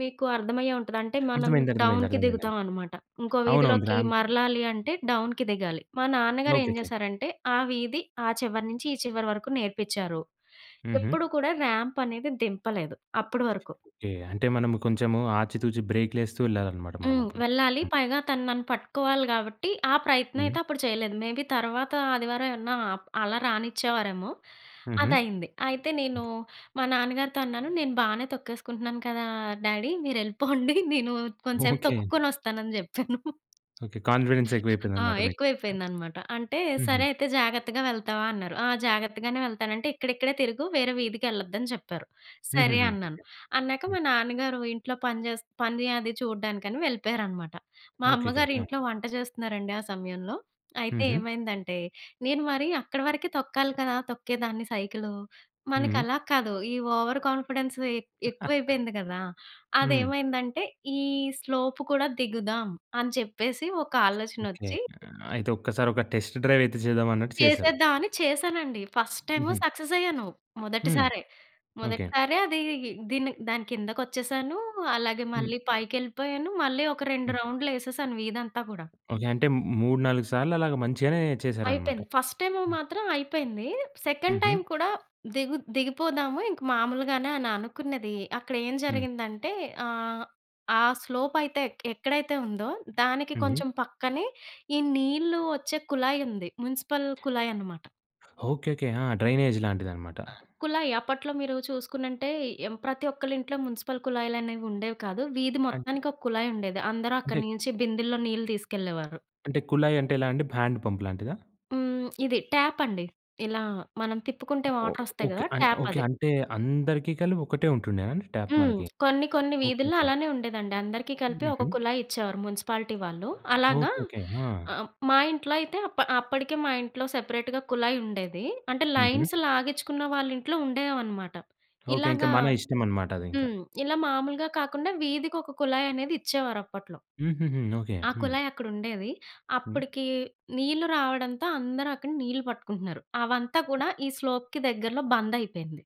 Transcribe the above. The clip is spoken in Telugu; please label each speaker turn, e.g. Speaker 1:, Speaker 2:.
Speaker 1: మీకు అర్థమయ్యే ఉంటది. అంటే మనం
Speaker 2: అర్థమైంది. అర్థమైంది.
Speaker 1: డౌన్‌కి
Speaker 2: అర్థమైందండి.
Speaker 1: దిగుతావనమాట. ఇంకో
Speaker 2: అవునవును.
Speaker 1: వీధిలోకి
Speaker 2: ర్యాంప్.
Speaker 1: మరలాలి అంటే డౌన్‌కి దిగాలి. మా నాన్నగారేం
Speaker 2: ఓకేకే.
Speaker 1: చేశారంటే, ఆ వీధి, ఆ చివరి నుంచి ఈ చివరి వరకు నేర్పించారు.
Speaker 2: హుహు.
Speaker 1: ఎప్పుడు కూడా ర్యాంపనేది దింపలేదు అప్పటి వరకు.
Speaker 2: ఓకే. అంటే మనం కొంచెం ఆచితూచి బ్రేకులేస్తూ వెళ్ళాలనమాట మనం
Speaker 1: హ్మ్.
Speaker 2: అప్పుడు.
Speaker 1: వెళ్ళాలి.
Speaker 2: హ్మ్.
Speaker 1: పైగా తను నన్ను పట్టుకోవాలి కాబట్టి ఆ ప్రయత్నం
Speaker 2: హ్మ్.
Speaker 1: అయితే అప్పుడు చేయలేదు. మేబీ తర్వాత ఆదివారం ఏవన్నా అప్ అలా రానిచ్చేవారేమో.
Speaker 2: హుహు.
Speaker 1: అదయింది. అయితే నేనూ, మా నాన్నగారితో అన్నాను నేను బానే తొక్కేసుకుంటున్నాను కదా! డ్యాడీ మీరెళ్ళిపోండి నేను కొంసేపు
Speaker 2: ఓకే.
Speaker 1: తొక్కుకొనొస్తానని చెప్పాను.
Speaker 2: ఓకే. కాన్ఫిడెన్స్
Speaker 1: ఆ!
Speaker 2: ఎక్కువైపోయిందన్నమాట మీకు. ట
Speaker 1: ఎక్కువైపోయిందనమాట. అంటే,
Speaker 2: హుహు.
Speaker 1: "సరే అయితే జాగ్రత్తగా వెళ్తావా?" అన్నారు. ఆ జాగ్రత్తగానే వెళ్తానంటే, "ఇక్కడిక్కడే తిరుగు వేరే వీధికెళ్ళద్దని" చెప్పారు. సరే
Speaker 2: హుహుహు. ఓకె.
Speaker 1: అన్నాను. అన్నాక,
Speaker 2: హ్మ్.
Speaker 1: మా నాన్నగారు ఇంట్లో పని చేస్ పనీ అది చూడడానికని వెళ్ళిపోయారనమాట. మా
Speaker 2: ఓకేకే.
Speaker 1: అమ్మగారు
Speaker 2: ఆ!
Speaker 1: ఇంట్లో వంట చేస్తున్నారండి ఆ సమయంలో. అయితే
Speaker 2: హుహు.
Speaker 1: ఏమైందంటే, నేను మరీ అక్కడి వరకే తొక్కాలి కదా! తొక్కేదాన్ని సైకిలు. మనకి
Speaker 2: హుహు.
Speaker 1: అలా కాదు. ఈ ఓవర్ కాన్ఫిడెన్సు ఎ ఎక్కువైపోయింది కదా!
Speaker 2: హ్మ్.
Speaker 1: అదేవైందంటే ఈ స్లోపు కూడా దిగుదాం, అని చెప్పేసి ఒక
Speaker 2: ఓకే.
Speaker 1: ఆలోచనొచ్చి
Speaker 2: అయితే ఒక్కసారి ఒక టెస్ట్ డ్రైవ్ అయితే చేద్దామన్నట్టు చేసారు.
Speaker 1: చేసేద్దాం అని చేశానండి. ఫస్ట్ టైము
Speaker 2: హుహు.
Speaker 1: సక్ససయ్యాను.
Speaker 2: హ్మ్.
Speaker 1: మొదటిసారే.
Speaker 2: ఓకే.
Speaker 1: మొదటిసారే అదీ దీని దాని కిందకచ్చేసాను. అలాగే
Speaker 2: హ్మ్.
Speaker 1: మళ్ళీ పైకెళ్ళిపోయాను. మళ్ళీ ఒక 2
Speaker 2: హ్మ్.
Speaker 1: రౌండ్లేసేసాను వీధంతా కూడా.
Speaker 2: ఓకే. అంటే మ్ మూడు, 4 సార్లలాగా మంచిగానే చేసారన్నమాట.
Speaker 1: అయిపేయింది. ఫస్ట్ టైము
Speaker 2: హ్మ్.
Speaker 1: మాత్రం అయిపోయింది. సెకండ్ టైమ్
Speaker 2: హుహు.
Speaker 1: కూడా దిగు దిగిపోదాము ఇంక మాములుగానే అని అనుకున్నది. అక్కడేం
Speaker 2: హ్మ్.
Speaker 1: జరిగిందంటే ఆహ్, ఆ స్లోపయితే ఎక్ ఎక్కడైతే ఉందో దానికి
Speaker 2: హ్మ్. హ్మ్.
Speaker 1: కొంచెం పక్కనే, ఈ నీళ్ళు వచ్చే కుళాయుంది. మున్సిపల్ కుళాయనమాట.
Speaker 2: ఓకే. ఓకే. ఆ! డ్రైనేజ్ లాంటిదన్నమాట.
Speaker 1: కుళాయి. అప్పట్లో మీరు చూసుకునుంటే, ఎం ప్రతి ఒక్కళ్ళింట్లో మున్సిపల్ కుళాయిలనేవి ఉండేవి కాదు. వీధి
Speaker 2: అంట్
Speaker 1: మొత్తానికి ఒక కుళాయుండేది. అందరూ
Speaker 2: అంటే
Speaker 1: అక్కడి నుంచి బిందె‌ల్లో నీళ్ళు తీసుకెళ్ళేవారు.
Speaker 2: అంటే కుళాయంటే ఎలా అండి? బ్యాండ్ పంపులాంటిదా?
Speaker 1: హ్మ్. ఇది ట్యాపండి. ఇలా మనం తిప్పుకుంటే
Speaker 2: ఓహ్!
Speaker 1: వాటరస్తాయి
Speaker 2: ఓకే.
Speaker 1: కదా!
Speaker 2: అయి ఓకే.
Speaker 1: ట్యాపది.
Speaker 2: అంటే అందరికి కలిపి ఒకటే ఉంటుండేనా అండి, ట్యాప్
Speaker 1: హ్మ్.
Speaker 2: మనకి?
Speaker 1: కొన్ని కొన్ని
Speaker 2: ఓకే.
Speaker 1: వీధుల్లో
Speaker 2: ఓకే.
Speaker 1: అలానే ఉండేదండి. అందరికీ కలిపి ఒక
Speaker 2: హుహు.
Speaker 1: కుళాయిచ్చేవారు మున్సిపాలిటీ వాళ్ళు. అలాగా
Speaker 2: ఓకే. ఓకే. ఆ!
Speaker 1: ఆహ్, మా ఇంట్లో అయితే అప్ అప్పటికే మా ఇంట్లో సెపరేట్‌గా కుళాయుండేది. అంటే
Speaker 2: హుహు.
Speaker 1: లైన్స్ లాగించుకున్న వాళ్లింట్లో ఉండేవనమాట.
Speaker 2: ఓకే. ఇంకా
Speaker 1: ఇలాగా
Speaker 2: మన ఇష్టమనమాట. అదింకా.
Speaker 1: హ్మ్. ఇలా మామూలుగా కాకుండా వీధికొక కుళాయనేది ఇచ్చేవారప్పట్లో.
Speaker 2: హుహుహు. ఓకే.
Speaker 1: ఆ!
Speaker 2: హ్మ్.
Speaker 1: కుళాయక్కడుండేది.
Speaker 2: హ్మ్.
Speaker 1: అప్పటికి నీళ్ళు రావడంతో అందరూ అక్కడ నీళ్ళు పట్టుకుంటున్నారు. అవంతా కూడా ఈ స్లోప్‌కి దగ్గరలో బందయిపేయింది.